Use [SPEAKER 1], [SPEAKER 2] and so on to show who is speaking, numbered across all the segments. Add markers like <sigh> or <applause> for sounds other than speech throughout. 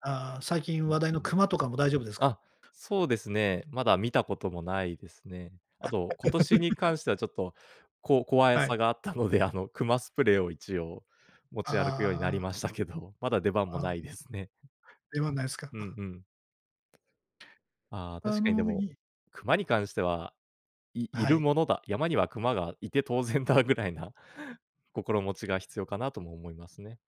[SPEAKER 1] あ、最近
[SPEAKER 2] うん、
[SPEAKER 1] 話題の
[SPEAKER 2] うん。
[SPEAKER 1] 熊とかも大丈夫ですか？
[SPEAKER 2] あ、そうですね、まだ見たこともないですね。あと、今年に
[SPEAKER 1] <laughs>
[SPEAKER 2] 関してはちょっとこう、こわや
[SPEAKER 1] は
[SPEAKER 2] さ
[SPEAKER 1] い。
[SPEAKER 2] があったので、あの熊スプレーを一応、持ち歩くように
[SPEAKER 1] あ
[SPEAKER 2] なり
[SPEAKER 1] あ。
[SPEAKER 2] ましたけど、まだ出番も
[SPEAKER 1] あ
[SPEAKER 2] ない
[SPEAKER 1] ん。
[SPEAKER 2] ですね。
[SPEAKER 1] 出番ないすか？
[SPEAKER 2] うん
[SPEAKER 1] <chuckles>
[SPEAKER 2] うん。あ、
[SPEAKER 1] あ
[SPEAKER 2] 確かにで
[SPEAKER 1] の、
[SPEAKER 2] も
[SPEAKER 1] い
[SPEAKER 2] 熊に関しては、いい
[SPEAKER 1] は
[SPEAKER 2] る
[SPEAKER 1] い。
[SPEAKER 2] ものだ、山には熊がいて当然だぐらいな、心持ちが必要かなとも思いますね。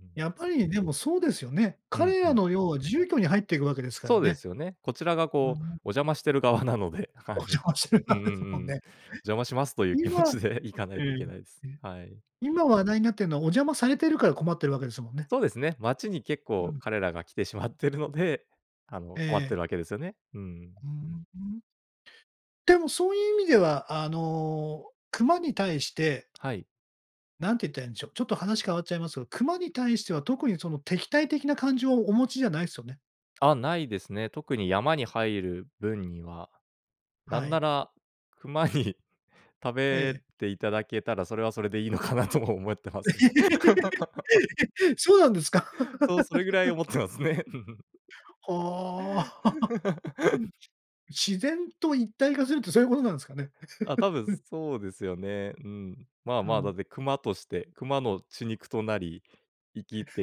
[SPEAKER 2] ん、うん。
[SPEAKER 1] やっぱりでもそうですよね。
[SPEAKER 2] うん、
[SPEAKER 1] 彼
[SPEAKER 2] う
[SPEAKER 1] ら
[SPEAKER 2] ん。
[SPEAKER 1] の要は住居に入っていくわけですか
[SPEAKER 2] そ
[SPEAKER 1] ら
[SPEAKER 2] うで
[SPEAKER 1] ね。
[SPEAKER 2] すよね。こちらが
[SPEAKER 1] あ、う
[SPEAKER 2] こう、
[SPEAKER 1] ん。
[SPEAKER 2] お邪魔してる側なので、は
[SPEAKER 1] お
[SPEAKER 2] い。
[SPEAKER 1] 邪魔してる
[SPEAKER 2] う
[SPEAKER 1] 側
[SPEAKER 2] んう
[SPEAKER 1] です
[SPEAKER 2] ん
[SPEAKER 1] もん
[SPEAKER 2] うん。
[SPEAKER 1] ね。
[SPEAKER 2] お邪魔しますとい
[SPEAKER 1] え。
[SPEAKER 2] う気持
[SPEAKER 1] 今
[SPEAKER 2] ちで行かない
[SPEAKER 1] え
[SPEAKER 2] といけないです。
[SPEAKER 1] え。え。
[SPEAKER 2] はい。
[SPEAKER 1] 今話題になっているのはお邪魔されているから困ってるわけですもんね。
[SPEAKER 2] そうですね、街に結
[SPEAKER 1] う
[SPEAKER 2] 構
[SPEAKER 1] ん。
[SPEAKER 2] 彼らが来てしまっているので、あ
[SPEAKER 1] え
[SPEAKER 2] の、困ってい
[SPEAKER 1] え。
[SPEAKER 2] るわけですよね。うんうん。
[SPEAKER 1] うんうん、うーん。でもそういう意味では、あの、熊に対して
[SPEAKER 2] はい。
[SPEAKER 1] 何て言ったらいんでしょう、ちょっと話変わっちゃいますが、熊に対しては特にその敵対的な感情をお持ちじゃないすよね。
[SPEAKER 2] あ、ないですね。特に山に入る分には。な
[SPEAKER 1] は
[SPEAKER 2] んな
[SPEAKER 1] い。
[SPEAKER 2] ら熊に <chuckles> 食
[SPEAKER 1] え
[SPEAKER 2] べ
[SPEAKER 1] え。
[SPEAKER 2] ていただけたら、それはそれでいいのかなとも思ってますね。<laughs>
[SPEAKER 1] <laughs> そうなんですか？
[SPEAKER 2] そう、それぐらい
[SPEAKER 1] <laughs>
[SPEAKER 2] 思ってますね。<laughs>
[SPEAKER 1] はあ。
[SPEAKER 2] <laughs>
[SPEAKER 1] <chuckles> 自然と一体化するってそういうことなんですかね。
[SPEAKER 2] あ、多分
[SPEAKER 1] <laughs>
[SPEAKER 2] そうですよね。うん。まあ、
[SPEAKER 1] う
[SPEAKER 2] まあ、だ
[SPEAKER 1] ん。
[SPEAKER 2] って熊として、熊の血肉となり、生きて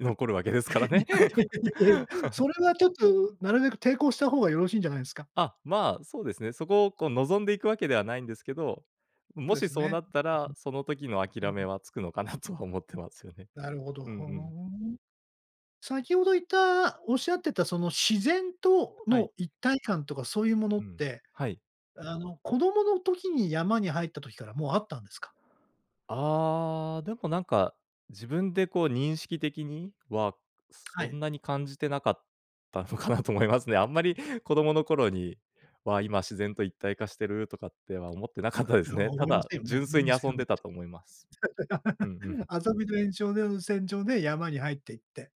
[SPEAKER 2] 残るわけですから
[SPEAKER 1] い
[SPEAKER 2] ね。
[SPEAKER 1] や、いやいやいや、
[SPEAKER 2] <laughs>
[SPEAKER 1] それはちょっとなるべく抵抗した方がよろしんじゃないですか？
[SPEAKER 2] あ、ま、そうですね。そこをこう望んでいくわけではないんですけど、うん、
[SPEAKER 1] そう
[SPEAKER 2] も
[SPEAKER 1] で
[SPEAKER 2] し
[SPEAKER 1] す
[SPEAKER 2] そう
[SPEAKER 1] ね。
[SPEAKER 2] なったら、その時の
[SPEAKER 1] ん、
[SPEAKER 2] 諦
[SPEAKER 1] ん、うん、
[SPEAKER 2] め
[SPEAKER 1] ん。
[SPEAKER 2] はつくのかなとは思ってますよね。
[SPEAKER 1] なるほど、
[SPEAKER 2] うんう
[SPEAKER 1] ふ
[SPEAKER 2] ん。
[SPEAKER 1] ん。先ほど言った、おっしゃってたその自然と
[SPEAKER 2] はい。
[SPEAKER 1] の一体感とかそういうもの
[SPEAKER 2] う
[SPEAKER 1] っ
[SPEAKER 2] ん、
[SPEAKER 1] て、
[SPEAKER 2] はい。
[SPEAKER 1] あの、子供の時に山に入った時からもうあったんですか？
[SPEAKER 2] ああ、でもなんか自分でこう認識的には、
[SPEAKER 1] は
[SPEAKER 2] そん
[SPEAKER 1] い。
[SPEAKER 2] なに感じてなかったのかなと思いますね。あんまり子供の頃には、今自然と一体化してるとかっては思ってなかっ
[SPEAKER 1] あ、
[SPEAKER 2] たで
[SPEAKER 1] り
[SPEAKER 2] す
[SPEAKER 1] ょうは
[SPEAKER 2] ね。た
[SPEAKER 1] 思いま
[SPEAKER 2] だ
[SPEAKER 1] せんよね、
[SPEAKER 2] 純
[SPEAKER 1] 思
[SPEAKER 2] 粋
[SPEAKER 1] い
[SPEAKER 2] に
[SPEAKER 1] ませ
[SPEAKER 2] 遊
[SPEAKER 1] ん
[SPEAKER 2] ん
[SPEAKER 1] よね。
[SPEAKER 2] でたと思います。うんう
[SPEAKER 1] <laughs>
[SPEAKER 2] ん。
[SPEAKER 1] 遊びの延長で延線上で山に入って行って。